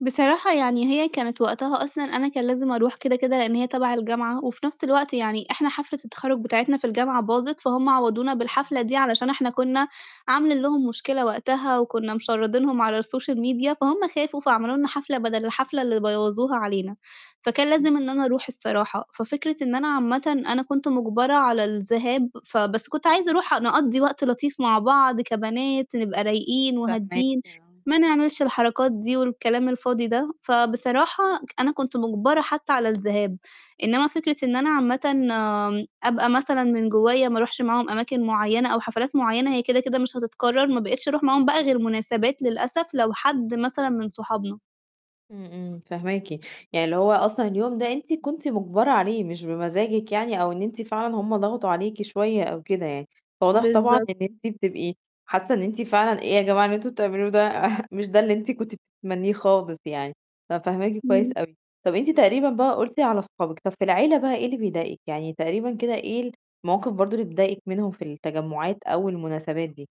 بصراحة يعني هي كانت وقتها أصلًا أنا كان لازم أرُوح كده كده، لأن هي تبع الجامعة، وفي نفْس الوقت يعني احنا حفلة التخرُّج بتاعتنا في الجامعة باظت، فهُم عوّضونا بالحفلة إمم. دي علشان احنا كنّا عاملين لهم مشكلة وقتها، وكنّا مشرّدينهم على الsocial media فهُم خافوا فعملوا لنا حفلة بَدَل الحفلة اللي بوّظوها علينا، فكان إمم. لازم إن أنا أرُوح الصراحة، ففكرة إن أنا عامةً أنا كنت مُجبرة على الذهاب، فبس كنت عايزة أرُوح نقضّي وقت لطيف مع بعض كبنات نبقى رايقين فاهماكِ، وهاديين آه. ما نعملش الحركات دي، والكلام الفاضي ده، فبصراحة أنا كنت مُجبرة حتى على الذهاب، إنما فكرة إن أنا عامةً أبقى مثلًا من جوّايا ما أرُوحش معاهم أماكن معينة أو حفلات مُعيّنة، هي كده كده مش هتتكرر ما بقيتش أرُوح معاهم بقى غير مناسبات للأسف لو حد مثلًا من صحابنا. إمم، إمم، فاهماكِ. يعني اللي هو أصلًا اليوم ده أنتِ كنتِ مُجبَرة عليه مش بمزاجِك يعني أو إن أنتِ فعلًا هُم ضغطوا عليكِ شوية أو كده يعني، فواضح طبعًا إن بالضبط. أنتِ بتبقي حاسة إن أنتِ فعلًا إيه يا جماعة اللي أنتم بتعملوه ده، مش ده اللي أنتِ كنتِ بتتمنيه خالص يعني، ففاهماكِ كويس إمم. أوي. طَب أنتِ تقريبًا بقى قُلتِ على أصحابِك، طَب في العيلة بقى إيه اللي بيضايقِك، يعني تقريبًا كده إيه المواقف برضو اللي بتضايقِك منهم في التجمّعات أو المناسبات دي؟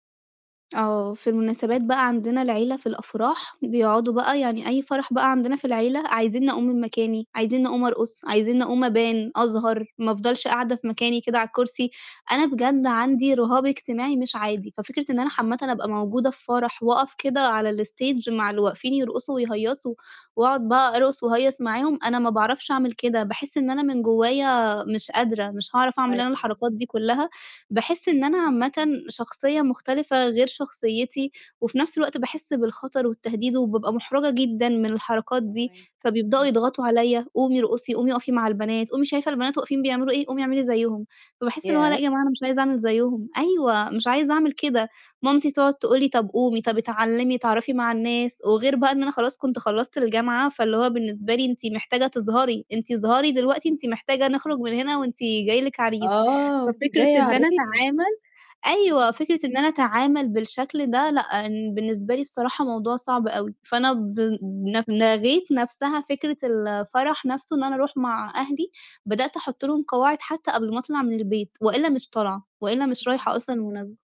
آه. في المناسبات بقى عندنا العيلة في الأفراح بيقعدوا بقى يعني أي فرح بقى عندنا في العيلة، عايزينّي أقوم من مكاني عايزينّي أقوم أرقص عايزينّي أقوم أبان أظهر ما أفضلش قاعدة في مكاني كده على الكرسي، أنا بجد عندي رهاب اجتماعي مش عادي، ففكرة إن أنا عامةً إمم. أبقى موجودة في فرح واقف كده على الstage مع اللي واقفين يرقصوا ويهيّصوا وأقعد بقى أرقص واهيّص معاهم، أنا ما باعرفش أعمل كده، باحس إن أنا من جوّايا مش قادرة، مش هاعرف أعمل أنا أيوه. الحركات دي كلها، باحس إن أنا عامةً شخصية مختلفة غير شخصيتي، وفي نفْس الوقت باحس بالخطر والتهديد وبابقى مُحرَجة جدًا من الحركات دي، فاهماكِ، فبيبدأوا إمم. يضغطوا عليَّ، "قومي ارقصي، قومي اقفي مع البنات، قومي شايفة البنات واقفين بيعملوا إيه قومي اعملي زَيّهم." فباحس اللي هو لأ ياه! يا جماعة أنا مش عايزة أعمل زَيّهم أيوه مش عايزة أعمل كده، مامتي تقعد تقول لي طَب قومي طَب اتعلمي اتعرّفي مع الناس، وغير بقى إن أنا خلاص كنت خلّصت الجامعة فاللي هو بالنسبة لي أنتِ محتاجة تظهري، أنتِ اظهري دلوقتي أنتِ محتاجة نخرج من هنا وأنتِ جاي لِك عريس. آه، وأنتِ ففكرة جاية إن أنا عريس. أتعامل أيوه، إمم. فكرة إن أنا أتعامل بالشكل ده لأ بالنسبة لي بصراحة موضوع صعب أوي، فأنا ب ل لغيت نفْسها فكرة الفرح نفْسه إن أنا أرُوح مع أهلي، بدأت أحط لهم قواعد حتى قبل ما أطلع من البيت وإلّا مش طالعة وإلّا مش رايحة إمم. أصلًا المناسبة.